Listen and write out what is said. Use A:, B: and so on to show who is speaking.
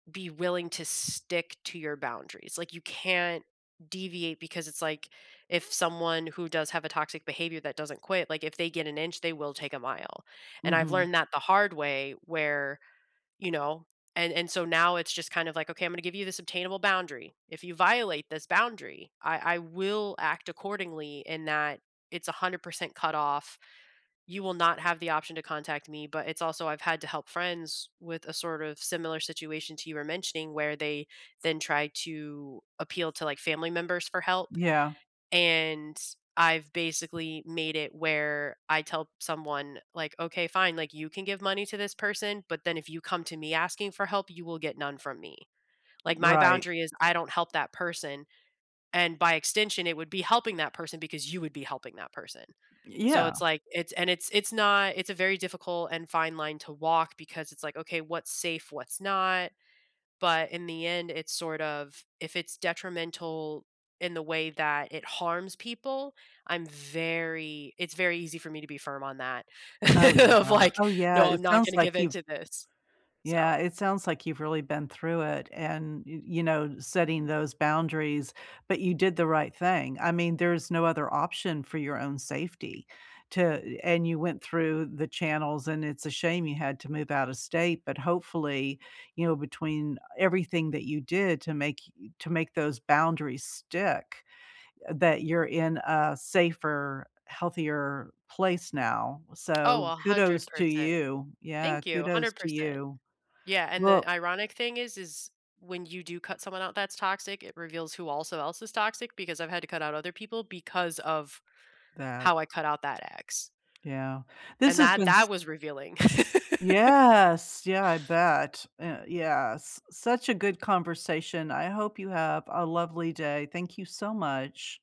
A: Be willing to stick to your boundaries, like, you can't deviate because it's, like, if someone who does have a toxic behavior that doesn't quit, like, if they get an inch, they will take a mile, and I've
B: Mhm.
A: learned that the hard way where, you know? And and so now it's just kind of like, "Okay, I'm gonna give you this obtainable boundary, if you violate this boundary, I I will act accordingly in that it's 100% cut off, you will not have the option to contact me." But it's also I've had to help friends with a sort of similar situation to you were mentioning where they then try to appeal to, like, family members for help,
B: Yeah.
A: and I've basically made it where I tell someone, like, "Okay, fine," like, "You can give money to this person, but then if you come to me asking for help, you will get none from me." Like, my
B: Right.
A: boundary is I don't help that person, and by extension it would be helping that person because you would be helping that person. So,
B: Yeah.
A: it's like, it's and it's it's not it's a very difficult and fine line to walk because it's, like, "Okay, what's safe? What's not?" but in the end, it's sort of if it's detrimental in the way that it harms people, I'm very it's very easy for me to be firm on that
B: Oh, no,
A: of,
B: uh,
A: like,
B: oh, yeah,
A: "No, I'm
B: it
A: not
B: sounds
A: gonna give
B: like you
A: into this." So
B: Yeah, it sounds like you've really been through it, and, y you know, setting those boundaries, but you did the right thing, I mean, there's no other option for your own safety. To and you went through the channels and it's a shame you had to move out of state, but hopefully, you know, between everything that you did to make to make those boundaries stick that you're in a safer, healthier place now,
A: Oh,
B: so,
A: a hundred
B: kudos to
A: percent.
B: you, yeah,
A: Thank you,
B: kudos
A: hundred
B: to
A: percent.
B: you.
A: Yeah, and
B: Well
A: the ironic thing is is when you do cut someone out that's toxic, it reveals who also else is toxic because I've had to cut out other people because of
B: That
A: how I cut out that ex.
B: Yeah, this
A: And
B: has
A: that
B: been s
A: that was revealing.
B: Yes, yeah, I bet, an yes, such a good conversation, I hope you have a lovely day, thank you so much.